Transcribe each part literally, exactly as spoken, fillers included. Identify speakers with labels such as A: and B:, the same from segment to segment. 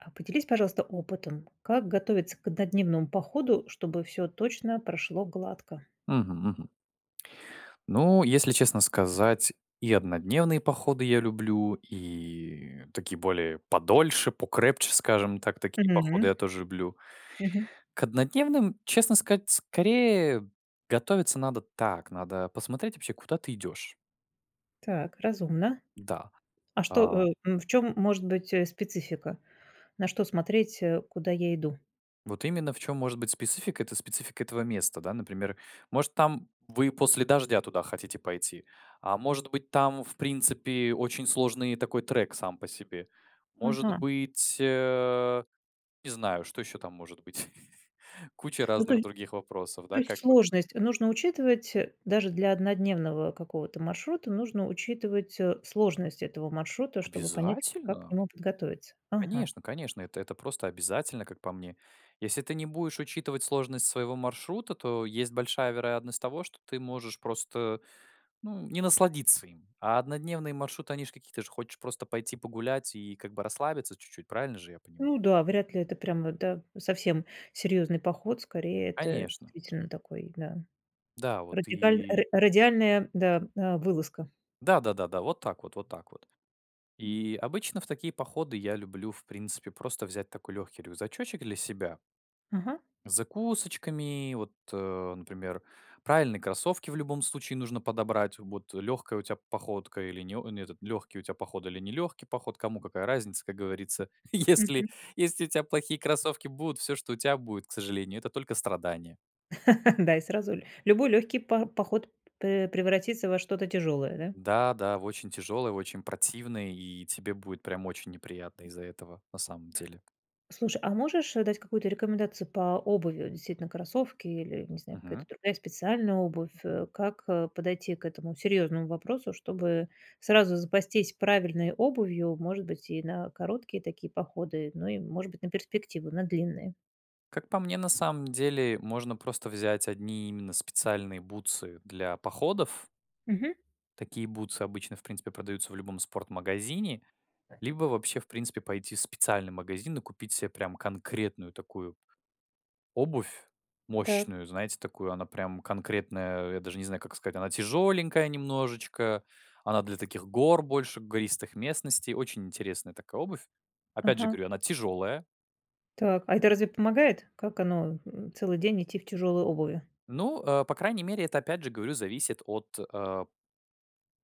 A: А поделись, пожалуйста, опытом, как готовиться к однодневному походу, чтобы всё точно прошло гладко?
B: Мгм, мгм. Ну, если честно сказать, и однодневные походы я люблю и такие более подольше, покрепче, скажем так, такие походы
A: Мгм.
B: я тоже люблю.
A: Мгм.
B: К однодневным, честно сказать, скорее готовиться надо так: надо посмотреть вообще, куда ты идешь.
A: Так, разумно.
B: Да.
A: А что,
B: А
A: э ам, в чем может быть, э, специфика? На что смотреть, э, куда я иду?
B: Вот именно в чём может быть специфика- это специфика этого места, да, например, может там, вы после дождя туда хотите пойти. А может быть, там в принципе очень сложный такой трек сам по себе. Может
A: Ага.
B: быть э, не знаю, что еще там может быть. Куча
A: Ну, то
B: разных
A: е
B: других вопросов,
A: то
B: да,
A: есть
B: как бы.
A: сложность нужно учитывать, э, даже для однодневного какого-то маршрута нужно учитывать, о, сложность этого маршрута, чтобы понять, как к
B: Обязательно!
A: нему подготовиться. Ага.
B: Конечно, конечно, это это просто обязательно, как по мне. Если ты не будешь учитывать сложность своего маршрута, то есть большая вероятность того, что ты можешь просто, ну не насладиться им. А однодневные маршруты- они ж какие, ты же хочешь просто пойти погулять и как бы расслабиться чуть-чуть, правильно же я понима
A: Ну да, вряд ли это прямо, да, совсем серьезный поход. Скорее это
B: Конечно.
A: действительно такой, да,
B: Да вот
A: радикальн
B: и
A: ра радиальная, да, э, вылазка.
B: Да да да да, вот так вот вот так вот. И обычно в такие походы я люблю в принципе просто взять такой легкий рюкзачочек для себя.
A: Ага.
B: С закусочками вот, o, например. Правильные кроссовки в любом случае нужно подобрать вот, легкая у тебя походка или не о не этот легкий у тебя поход или нелегкий поход, кому какая разница, как говорится. Если
A: Мгм.
B: если у тя плохие кроссовки будут, всё, что у тя будет, к сожалению, это только страдания.
A: Да, и сразу ль любой легкий по поход п п превратится во что-то тяжелое, да?
B: Да-да, в очень тяжелой, в очень противной, и тебе будет прям очень неприятно из-за этого, на самом деле.
A: Слушай, а можешь, э, дать какую-то рекомендацию по обуви, э, действительно кроссовки или, не знаю, какая-то
B: Мгм.
A: другая специальная обувь, э. Как, э, подойти к этому серьезному вопросу, чтобы сразу запастись правильной обувью, может быть, и на короткие такие походы, но и, может быть, на перспективу, на длинные?
B: Как по мне, на самом деле можно просто взять одни именно специальные бутсы для походов.
A: Мгм.
B: Такие бутсы обычно, в принципе, продаются в любом спорт-магазине. Либо вообще в принципе пойти в специальный магазин и купить себе прям конкретную такую обувь,
A: Так.
B: мощную, знаете, такую, она прям конкретная, я даже не знаю, как сказать. Она тяжеленькая немножечко, она для таких гор больше, гористых местностей. Очень интересная такая обувь. Опять же,
A: Ага.
B: говорю, она тяжелая.
A: Так, а это разве помогает? Как оно, э, целый день идти в тяжелой обуви?
B: Ну, а, по крайней мере, это, опять же, говорю, зависит от, а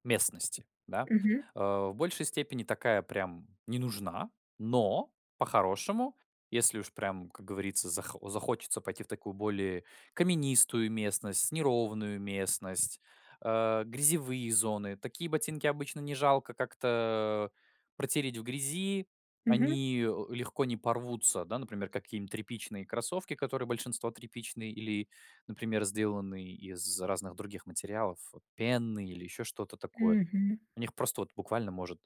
B: местности, да.
A: Мгм.
B: А, в большей степени такая прям не нужна, но по-хорошему, если уж прям, как говорится, зах захочется пойти в такую более каменистую местность, неровную местность, а, грязевые зоны, такие ботинки обычно не жалко как-то, протереть в грязи,
A: Мгм.
B: они, э, легко не порвутся, да, например, какие-нибудь тряпичные кроссовки, которые большинство тряпичные или, например, сделанные из разных других материалов, пены или еще что-то такое.
A: Мгм.
B: У них просто вот буквально может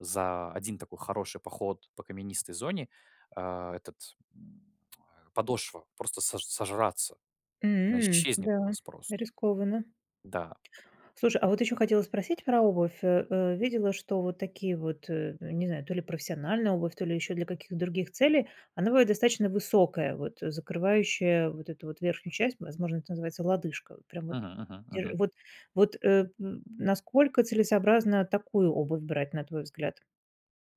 B: за один такой хороший поход по каменистой зоне, а, этот, м, ой, подошва, просто сож сожраться. Она
A: М.
B: исчезнет у
A: Да,
B: вас просто.
A: рискованно.
B: Да.
A: Слушай, а вот еще хотела спросить про обувь, а, э. Видела, что вот такие вот, э, э, не знаю, то ли профессиональная обувь, то ли еще для каких других целей, она бывает достаточно высокая, вот закрывающая вот эту вот верхнюю часть, возможно, это называется лодыжка. Прям вот
B: Мгм мгм
A: дер
B: мгм.
A: вот вот, э, м, насколько целесообразно такую обувь брать, на твой взгляд?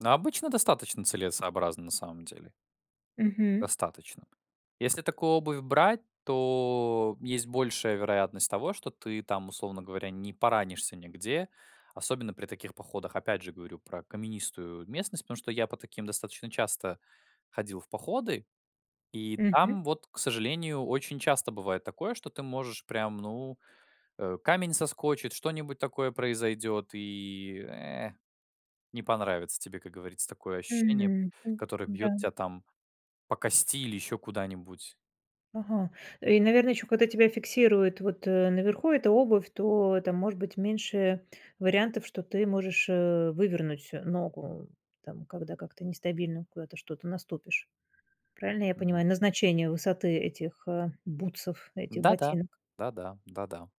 B: На обычно достаточно целесообразно, на самом деле.
A: Мгм.
B: Достаточно. Если такую обувь брать, то есть большая вероятность того, что ты там, условно говоря, не поранишься нигде, особенно при таких походах. Опять же, говорю про каменистую местность, потому что я по таким достаточно часто ходил в походы. И
A: Мгм.
B: там, вот, к сожалению, очень часто бывает такое, что ты можешь прям, ну, э, камень соскочит, что-нибудь такое произойдет и, э, не понравится тебе, как говорится, такое ощущение,
A: Мгм.
B: которое бьет
A: М-да.
B: тя там по кости или еще куда-нибудь.
A: Ага. И, наверно, еще когда тебя фиксирует вот, э, наверху эта обувь, то там может быть меньше вариантов, что ты можешь, э, вывернуть, э, ногу. Там, когда как-то нестабильно куда-то что-то наступишь. Правильно я
B: Мгм.
A: понимаю, назначение высоты этих, а, бутсов, этих
B: Да-да,
A: ботинок?
B: да-да, да-да,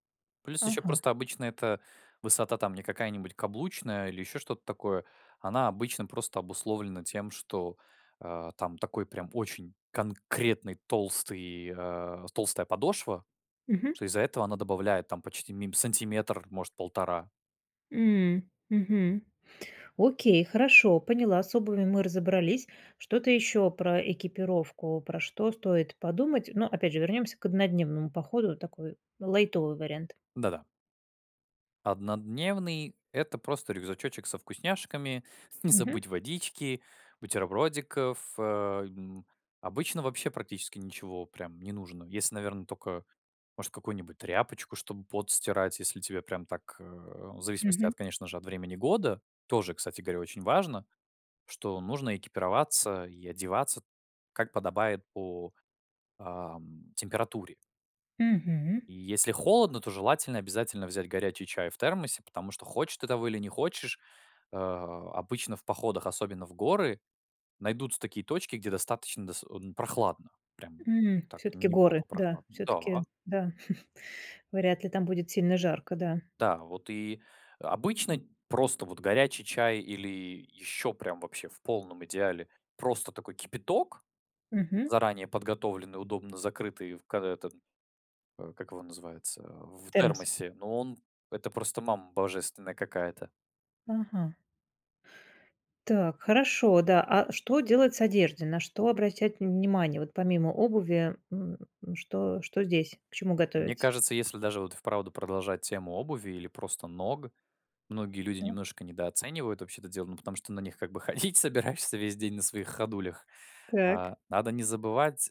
B: плюс еще
A: Ага.
B: просто обычно эта высота там не какая-нибудь каблучная или еще что-то такое. Она обычно просто обусловлена тем, что, а, там такой прям очень конкретный толстый, а, толстая подошва,
A: Мгм.
B: что из-за этого она добавляет там почти мим сантиметр, может, полтора.
A: М, мгм. Окей, хорошо, поняла, с обувью мы разобрались. Что-то еще про экипировку, про что стоит подумать? Но опять же, вернемся к однодневному походу, такой лайтовый вариант.
B: Да-да. Однодневный- это просто рюкзачочек со вкусняшками, не
A: Мгм.
B: забыть водички, бутербродиков, а, м. Обычно вообще практически ничего прям не нужно. Если, наверно, тока, может, какую-нибудь тряпочку, чтобы пот стирать, если тебе прям так, э, в зависимости
A: Мгм.
B: от, конечно же, от времени года. Тоже, кстати говоря, очень важно, что нужно экипироваться и одеваться как подобает по, ам, температуре.
A: Мгм.
B: И если холодно, то желательно обязательно взять горячий чай в термосе, потому что хочешь ты того или не хочешь, а обычно в походах, особенно в горы, найдутся такие точки, где достаточно дос одн прохладно, прям
A: М.
B: так
A: Всё-таки горы,
B: неплохо
A: да,
B: прохладно. Да.
A: всё-таки, да. Вряд ли там будет сильно жарко, да.
B: Да, вот и обычно просто вот горячий чай или еще прям, вообще в полном идеале, просто такой кипяток,
A: Мгм.
B: заранее подготовленный, удобно закрытый в ка этом, э, как его называется,
A: В
B: в
A: термос.
B: термосе, но он это просто мама божественная какая-то.
A: Ага. Так, хорошо, да. А что делать с одеждой? На что обращать внимание вот помимо обуви, м? Что что здесь? К чему
B: Мне
A: готовиться?
B: кажется, если даже вот, и вправду, продолжать тему обуви или просто ног, многие люди
A: Да.
B: немножко недооценивают вообще это дело, ну, потому что на них как бы ходить собираешься весь день, на своих ходулях
A: Так.
B: А, надо не забывать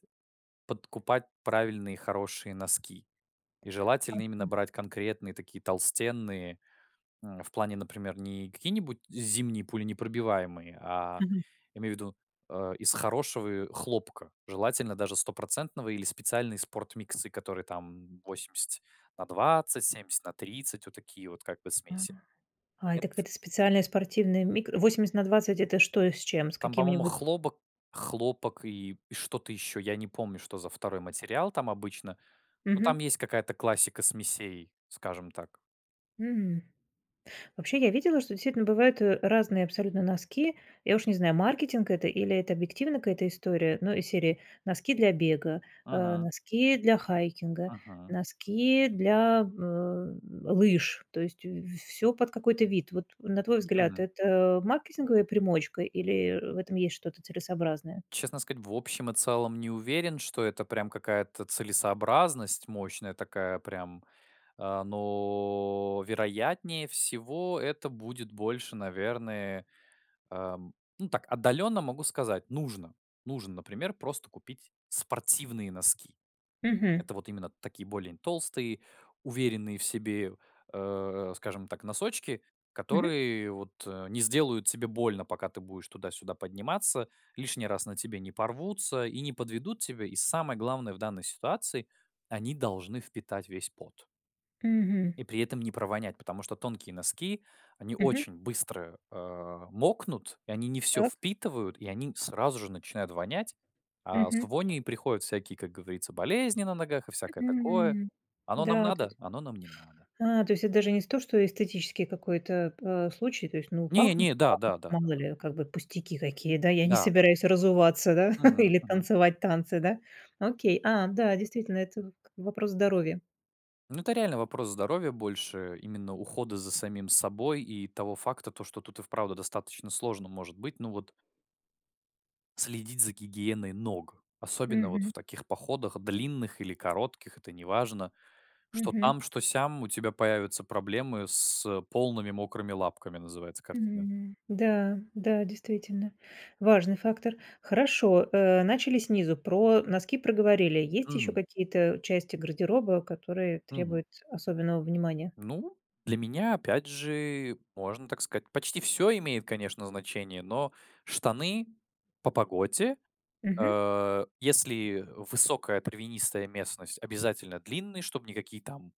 B: подкупать правильные хорошие носки. И желательно именно
A: Ага.
B: брать конкретные такие толстенные, м, в плане, например, не какие-нибудь зимние пуленепробиваемые, а
A: Мгм.
B: имею в виду, э, из хорошего, э, хлопка. Желательно даже стопроцентного или специальные спорт миксы, которые там восемьдесят на двадцать, семьдесят на тридцать, вот такие вот как бы
A: А,
B: смеси,
A: а
B: эт
A: это какая-то специальная спортивная мик восемьдесят на двадцать это что и с чем? С
B: Там, по-моему,
A: каким-нибудь
B: хлобок хлопок и что-то еще, я не помню что за второй материал там обычно. Ну, там
A: Мгм.
B: есть какая-то классика смесей, скажем так.
A: М. Вообще, я видела, что действительно бывают, э, разные абсолютно носки. Я уж не знаю, маркетинг это или это объективно какая-то история, ну, из серии: носки для бега, а,
B: Мгм.
A: носки для хайкинга,
B: Мгм.
A: носки для, э, лыж. То есть в всё под какой-то вид. Вот, на твой взгляд,
B: Мгм.
A: это маркетинговая примочка или, э, в этом есть что-то целесообразное?
B: Честно сказать, в общем и целом не уверен, что это прям какая-то целесообразность мощная такая, прям, а, но, вероятнее всего, это будет больше, наверное, ам, ну, так отдаленно могу сказать: нужно, нужно, например, просто купить спортивные носки.
A: Мгм.
B: Это вот именно такие более н толстые, уверенные в себе, э, скажем так, носочки,
A: Мгм.
B: которые вот не сделают тебе больно, пока ты будешь туда-сюда подниматься, лишний раз на тебе не порвутся и не подведут тебя. И самое главное в данной ситуации: они должны впитать весь пот.
A: Мгм.
B: И при этом не провонять, потому что тонкие носки, они
A: Мгм.
B: очень быстро, а, мокнут, и они не всё
A: Так.
B: впитывают, и они сразу же начинают вонять. А с
A: Мгм.
B: вонью и приходят всякие, как говорится, болезни на ногах и всякое такое.
A: Мгм,
B: Оно нам
A: да, то есть
B: надо? Оно нам не надо.
A: А, то есть это даже не сто, что эстетический какой-то п а, случай. То есть, ну,
B: Не
A: пахнут
B: не, да
A: пах
B: да да да
A: мало
B: да.
A: ли, как бы пустяки какие, да? Я не
B: Да-да.
A: собираюсь разуваться, да,
B: Мгм,
A: или
B: мгм.
A: танцевать танцы, да? Окей. А, да, действительно, это в к вопрос здоровья.
B: Ну, это реально вопрос здоровья, больше именно ухода за самим собой и того факта, то, что тут и вправду достаточно сложно может быть. Ну вот Следить за гигиеной ног, особенно вот
A: Мгм.
B: в таких походах, длинных или коротких- это неважно. Что
A: Мгм.
B: там, что сям у тебя появятся проблемы с полными мокрыми лапками, называется картина.
A: М. Да, да, действительно, важный фактор. Хорошо, э, начали снизу, про носки проговорили. Есть еще
B: Мгм.
A: какие-то части гардероба, которые
B: Мгм.
A: требуют особенного внимания?
B: Ну, для меня опять же, можно так сказать, почти всё имеет, конечно, значение, но штаны- по погоде,
A: Мгм.
B: а, если высокая травянистая местность- обязательно длинные, чтобы никакие там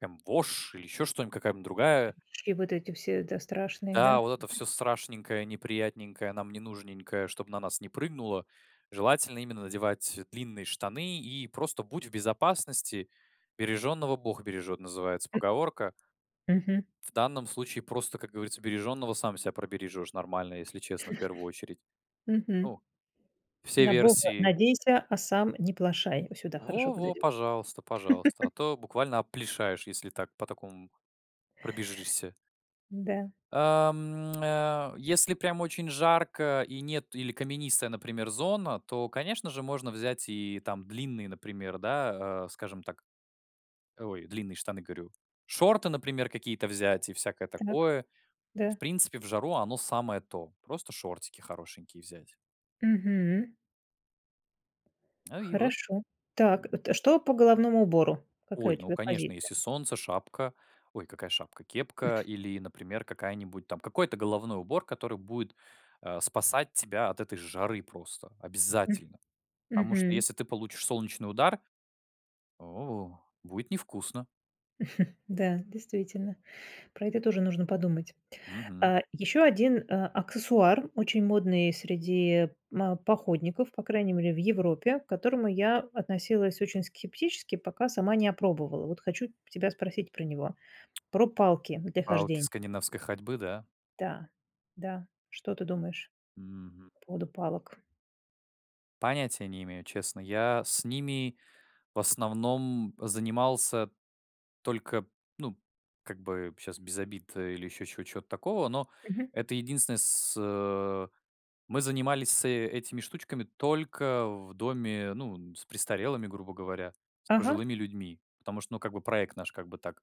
B: там вошь или еще что-нибудь, какая-нибудь другая
A: Конеч и вот эти все, да, страшные, да?
B: Да, вот это всё страшненькое, неприятненькое, нам не нужненькое, чтобы на нас не прыгнуло, желательно именно надевать длинные штаны и просто будь в безопасности. "Бережёного бог бережёт" называется
A: М.
B: поговорка.
A: Мгм.
B: В данном случае, просто, как говорится, бережёного сам себя пробережёшь нормально, если честно, в первую очередь.
A: Мгм.
B: Ну все
A: "На Бога
B: версии.
A: надейся, а сам не плошай." О, сюда
B: Во
A: хорошо
B: во,
A: подойдет.
B: пожалуйста, пожалуйста, а то буквально опплишаешь, если так по такому пробежишься.
A: М-да.
B: А, м, а, если прям очень жарко и нет или каменистая, например, зона, то, конечно же, можно взять и там длинные, например, да, э, скажем так, ой, длинные штаны, говорю. Шорты, например, какие-то взять и всякое
A: Так.
B: такое. В
A: Да.
B: принципе, в жару оно- самое то. Просто шортики хорошенькие взять.
A: Мгм.
B: Ну, и вот.
A: Хорошо. Так,
B: М.
A: это что по головному убору? Какая у
B: Ой, ну,
A: тебя
B: конечно,
A: позиция?
B: если солнце, шапка Ой, какая шапка? Кепка или, например, какая-нибудь там какой-то головной убор, который будет, а, спасать тебя от этой жары просто,
A: М.
B: обязательно. Потому что,
A: Мгм.
B: если ты получишь солнечный удар, о, будет невкусно.
A: Да, действительно, про это тоже нужно подумать.
B: Мгм.
A: А, еще один, а, аксессуар очень модный среди ма походников, по крайней мере в Европе, к которому я относилась очень скептически, пока сама не опробовала. Вот хочу тебя спросить про него, про палки для
B: Палки
A: хождень
B: скандинавской ходьбы, да?
A: Да, да, что ты думаешь
B: Мгм.
A: по поводу палок?
B: Понятия не имею, честно. Я с ними в основном занимался только, ну как бы щас без обид, э, или еще чего чего-то такого, но
A: Мгм.
B: это единственное с э мы занимались с этими штучками только в доме, ну, н с престарелыми, грубо говоря, с
A: Ага.
B: пожилыми людьми. Потому что ну как бы проект наш как бы так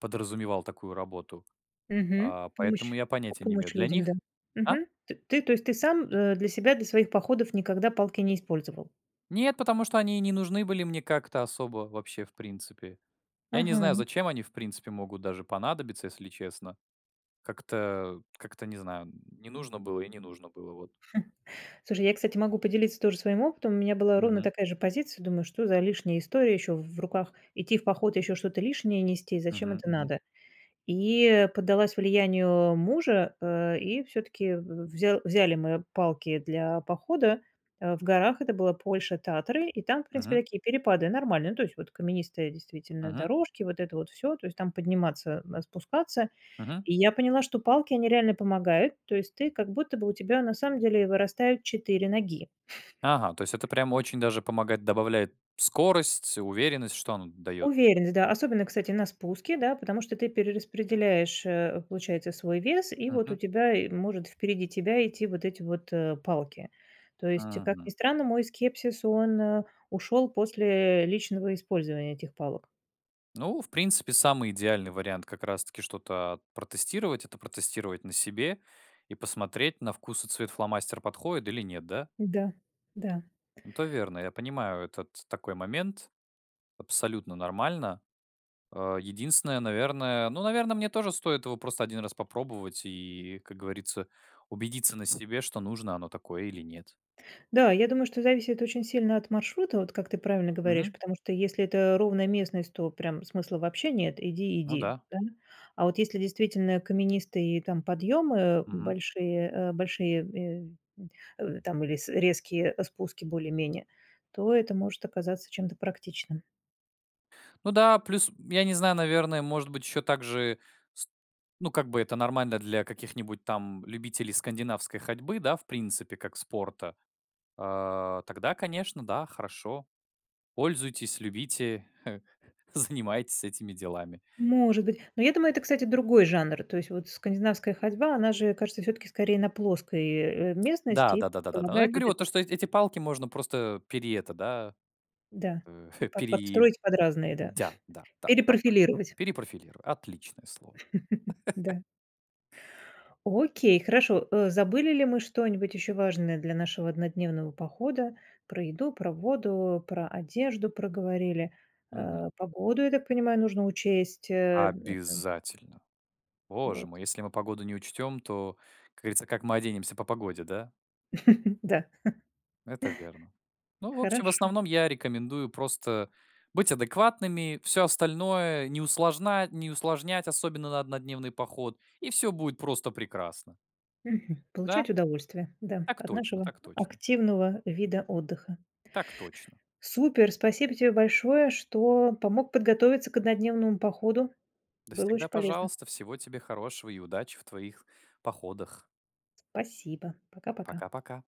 B: подразумевал такую работу.
A: Мгм.
B: А, поэтому
A: Помощь,
B: я
A: п
B: понятия не имею
A: помощь
B: для
A: людям, да.
B: них А?
A: Мгм. Т ты, то есть ты сам, э, для себя, для своих походов никогда палки не использовал?
B: Нет, потому что они и не нужны были мне как-то особо вообще в принципе. Я не знаю,
A: Ага.
B: зачем они в принципе могут даже понадобиться, если честно. Как-то, как-то не знаю, не нужно было и не нужно было, вот.
A: Слушай, я, кстати, могу поделиться тоже своим опытом. У меня была ровно
B: Мгм.
A: такая же позиция. Думаю, что за лишняя история еще в руках идти в поход, и еще что-то лишнее нести, зачем
B: Мгм
A: это
B: мгм.
A: надо? И поддалась влиянию мужа, э, и всё-таки в взял взяли мы палки для похода, а, в горах. Это была Польша, Татры. И там, в принципе,
B: Мгм.
A: такие перепады нормальные, ну то есть вот каменистые действительно
B: Мгм.
A: дорожки, вот это вот всё, то есть там подниматься, а, спускаться.
B: Мгм.
A: И я поняла, что палки они реально помогают, то есть ты как будто бы у тебя на самом деле вырастают четыре ноги.
B: Ага, то есть это прямо очень даже помогает, добавляет скорость, уверенность. Что оно дает?
A: Уверенность, да, особенно, кстати, на спуске, да? Потому что ты перераспределяешь, э, получается, свой вес и вот у
B: Мгм.
A: тебя и может впереди тебя идти вот эти вот, э, палки. То есть, как ни
B: Мгм.
A: странно, мой скепсис он, э, ушел после личного использования этих палок.
B: Ну, в принципе, самый идеальный вариант как раз таки что-то протестировать- это протестировать на себе и посмотреть, на вкус и цвет фломастер подходит или нет. Да?
A: Да, да.
B: Это верно, я понимаю, этот такой момент, абсолютно нормально. А, единственное, наверное, ну, наверно, мне тоже стоит его просто один раз попробовать и, как говорится, убедиться на себе, что нужно оно такое или нет.
A: Да, я думаю, что зависит очень сильно от маршрута, вот как ты правильно говоришь,
B: Мгм.
A: потому что если это ровная местность, то прям смысла вообще нет: иди
B: Ну
A: иди,
B: да.
A: да? А вот если действительно каменистые там подъемы
B: Мгм.
A: большие, а, большие, э, э, там или с резкие, а, спуски более-менее, то это может оказаться чем-то практичным.
B: Ну да, плюс, я не знаю, наверное, может быть, еще также ст ну как бы это нормально для каких-нибудь там любителей скандинавской ходьбы, да, в принципе, как спорта. А, тогда, конечно, да, хорошо. Пользуйтесь, любите, занимайтесь этими делами.
A: Может быть. Но я думаю, это, кстати, другой жанр, то есть вот скандинавская ходьба, она же, кажется, всё-таки скорее на плоской, э, местности
B: Да
A: и
B: да да да да да. Ну я
A: помогает вот
B: говорю вот
A: этим
B: то, что эти эти палки можно просто пере это, да
A: Да,
B: э,
A: под
B: пери
A: подстроить под разные, да.
B: Дя, да, да, так точно.
A: Перепрофилировать.
B: Перепрофилируй. Отличное слово.
A: Да. Окей, хорошо. Э, забыли ли мы что-нибудь еще важное для нашего однодневного похода? Про еду, про воду, про одежду проговорили. А,
B: Мгм.
A: погоду, я так понимаю, нужно учесть, э это
B: Обязательно. Боже
A: Вот.
B: мой, если мы погоду не учтём, то, как говорится, как мы оденемся по погоде, да?
A: Да.
B: Это верно. Ну, в общем, в
A: Хорошо.
B: основном я рекомендую просто быть адекватными, всё остальное не усложна не усложнять, особенно на однодневный поход, и всё будет просто прекрасно.
A: Мгм.
B: Да.
A: Получать удовольствие, да,
B: Так
A: от
B: точно,
A: нашего
B: так точно.
A: активного вида отдыха.
B: Так точно.
A: Супер, спасибо тебе большое, что помог подготовиться к однодневному походу,
B: Да
A: было очень
B: всегда
A: полезно.
B: пожалуйста. Всего тебе хорошего и удачи в твоих походах.
A: Спасибо. Пока-пока.
B: Пока-пока.